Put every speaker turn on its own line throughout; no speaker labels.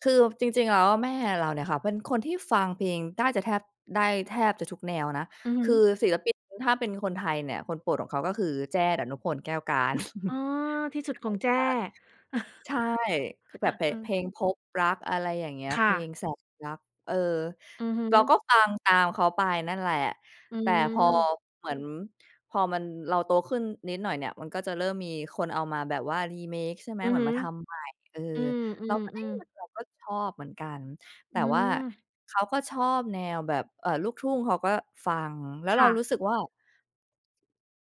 คือจริง ๆ แล้วแม่เราเนี่ยค่ะเป็นคนที่ฟังเพลงได้จะแทบ ได้แทบจะทุกแนวนะ
อือฮ
คือ
ึ
ศิลปินถ้าเป็นคนไทยเนี่ย คนโปรดของเขา ก็คือแจ้ ดนุพล แก้วกาญจน์
อ๋อ
เก่ามาก
ที่สุดของแจ้
ใช่ คือแบบ เพ
อ
ะ
ือ
เพลงพบรัก อะไรอย่างเงี้ย
ค
เ
่
พล
ะ
งแสนรัก เออ
อือฮ
เราก
ึ
็ฟังตามเขาไปนั่นแหละ
อื
แต่พอ
ม
เหมือน พอมัน เราโตขึ้นนิดหน่อยเนี่ย มันก็จะเริ่มมีคนเอามาแบบว่า Remake ใช่ไหม
อือ
เหมื
ฮ
อน
ึ
มาทำใหม่ เออ
อื
เราก็ เอ๊ย
อ ๆ
เหมื
ๆ
อนแบบ ก็ชอบเหมือนกัน แ
อ
ต
ื
่ว่า
ม
เขาก็ชอบแนวแบบ เอ่อ ลูกทุ่งเขาก็ฟัง แล้ว
ค
เรา
่
รู
ะ
้สึกว่า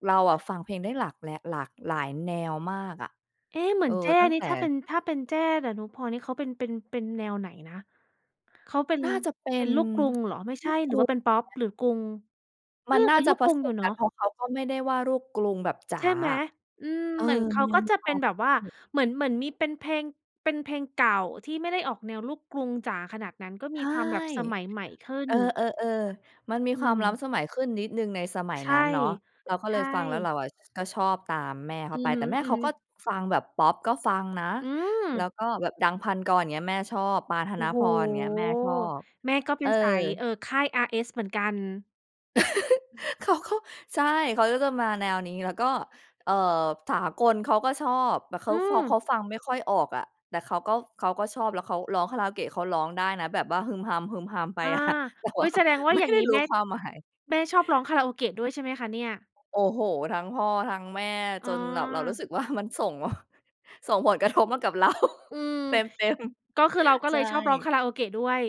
เราอะฟังเพลงได้หลาก และ หลากหลายแนวมากอะ
เอ๊ะ เหมื
เอ
อ
อ
นแจ้
ตั้งแต่
ถ้าเป็น ถ้าเป็นแจ้ ดนุพลนี่เขาเป็น เป็น เป็นแนวไหนนะ? เขาเป็น
น่าจะเป็
เป็
น
นลูกกรุงเหรอ? ไม่ใ
ล
ช
ู
่
ก
หร
ก
ือ
ู
ว่าเป็นพอ
ไ
ป?
หม?
หรือกรุง เอ
มั
อ
นน่า
เป็น
จะ
ลูก
ผ
กรุ
ส
งอยู
ม
่เน
ก
า
ัน เ
ะ
พราะเขาก็ไม่ได้ว่าลูกกรุงแบบจ๋า
ใช่ไหม?
อะ
อืม
เออ
เหมือนเข
มั
า
นยั
ก็
งมี
จะ
ค
เ
ว
ป็
า
น
ม
แบบว่าเหมือน เหมือนมีเป็นเพลง เป็นเพลงเก่าที่ไม่ได้ออกแนวลูกกรุงจ๋าขนาดนั้น ก็
ใช
มี
่
ความแบบสมัยใหม่ขึ้
เ
น
ออ ๆ ๆ มันมี
อื
ความล้
ม
ำสมัยขึ้นนิดหนึ่งในสมัย
ใช
นั้
่
นเนาะ เราก็
ใ
เ
ช
ลยฟังแล้วเร
่
าอะ ก็ชอบตามแม่เข
อ
า
ื
ไป
อฮ
แต่แม่
ึ
เขาก็
ๆ
ฟังแบบพอป ก็ฟังนะ
อื
แล้
ม
วก็แบบดัง พันกร เงี้ย แม่ชอบ ปาน ธ
โอ
น
้โฮ
พร เงี้ย แม่ชอบ
แม่ก็เป
เอ
็
อ
นสาย เอ่อ ค่าย RS เหมือนกัน
เขาก็ ใช่ เขาก็จะมาแนวนี้ แล้วก็ เอ่อ สากลเขาก็ชอบ เข
อื
าฟอ เข
ม
าฟังไม่ค่อยออกอะ แต่เขาก็ เขาก็ชอบ แล้วเขาร้องคาราโอเกะเขาร้องได้นะแบบว่าฮึมฮัม ๆ ไป
อา
อะ แต่
อ
ว
ุ
่
๊
า
ย แสดงว่า
ไม่
อย่าง
ได
ง
้
ี้
รู
แ
้
ม่
ความหมาย
แม่ชอบร้องคาราโอเกะด้วยใช่ไหมคะเนี่ย?
โอ้โฮ ทั้งพ่อทั้งแม่
อ๋
จนแบบเรารู้
อ
สึก ว่า มันส่ง ส่งผลกระทบมากับเรา
อืม
เต็ม
ก็คือเรา ก็
ๆ ใช
เลยชอบร้อง
่
คาราโอเกะด้วย